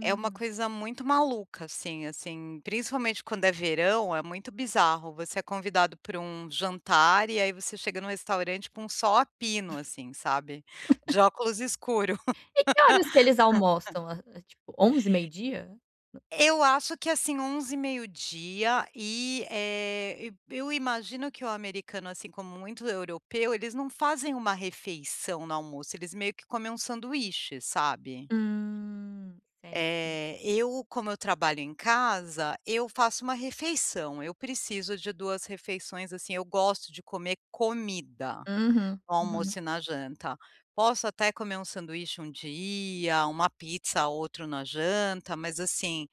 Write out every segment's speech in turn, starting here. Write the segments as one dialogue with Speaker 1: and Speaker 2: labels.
Speaker 1: É uma coisa muito maluca, assim assim, principalmente quando é verão é muito bizarro, você é convidado pra um jantar, e aí você chega no restaurante com sol a pino assim, sabe. De óculos escuro.
Speaker 2: E que horas que eles almoçam, a a, tipo, 11h, meio dia? Hã.
Speaker 1: Eu acho que assim 11h, meio dia e, eh, e e eu imagino que o americano, assim, como muito europeu eles não fazem uma refeição no almoço, eles meio que comem um sanduíche, sabe.
Speaker 2: Hum, certo.
Speaker 1: Eh, eu como eu trabalho em casa, eu faço uma refeição, eu preciso de 2 refeições, assim, eu gosto de comer comida,
Speaker 2: Uhum,
Speaker 1: no
Speaker 2: uhum.
Speaker 1: almoço e na janta. Posso até comer um sanduíche um dia, uma pizza ou outro na janta, mas assim,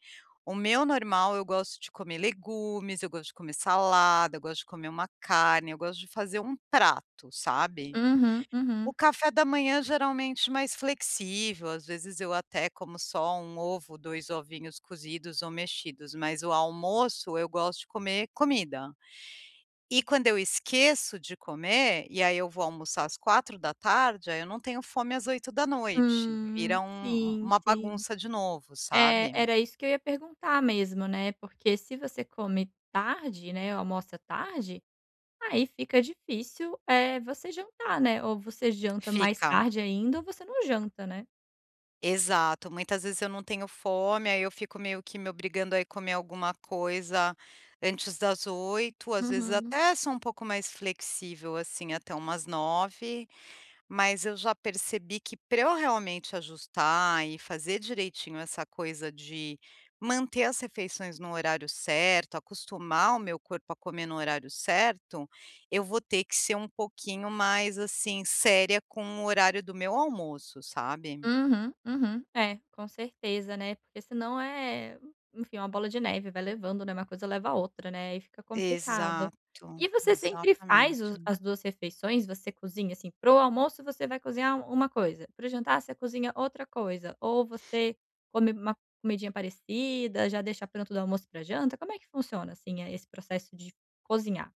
Speaker 1: o meu normal eu gosto de comer legumes, eu gosto de comer salada, eu gosto de comer uma carne, eu gosto de fazer um prato, sabe.
Speaker 2: Uhum,
Speaker 1: O
Speaker 2: uhum.
Speaker 1: café da manhã geralmente mais flexível, às vezes, eu até como só um ovo, 2 ovinhos cozidos ou mexidos, mas o almoço eu gosto de comer comida. E quando eu esqueço de comer, e aí eu vou almoçar às 16h, aí eu não tenho fome às 20h, vira
Speaker 2: Hum,
Speaker 1: um u
Speaker 2: sim,
Speaker 1: uma
Speaker 2: sim.
Speaker 1: bagunça de novo,
Speaker 2: É,
Speaker 1: sabe.
Speaker 2: era isso que eu ia perguntar mesmo, né, porque se você come tarde, né, almoça tarde, aí fica difícil, eh, você jantar, né, ou você janta mais
Speaker 1: Fica.
Speaker 2: tarde ainda ou você não janta, né.
Speaker 1: Exato, muitas vezes eu não tenho fome, aí eu fico meio que me obrigando a ir comer alguma coisa antes das 20h, às vezes,
Speaker 2: Uhum.
Speaker 1: até sou um pouco mais flexível assim até umas 21h, mas eu já percebi que pra eu realmente ajustar e fazer direitinho essa coisa de manter as refeições no horário certo, acostumar o meu corpo a comer no horário certo, eu vou ter que ser um pouquinho mais, assim, séria com o horário do meu almoço, sabe.
Speaker 2: Uhum, uhum. É, com certeza, né, porque senão, eh, enfim, uma bola de neve vai levando, né, uma coisa leva a outra né aí fica complicado.
Speaker 1: Exato,
Speaker 2: E você sempre faz os
Speaker 1: exatamente.
Speaker 2: as 2 refeições, você cozinha, assim, para o almoço você vai cozinhar uma coisa, para o jantar você cozinha outra coisa, ou você come uma comidinha parecida, já deixa pronto do almoço e pra janta, como é que funciona, assim, a eh, esse processo de cozinhar?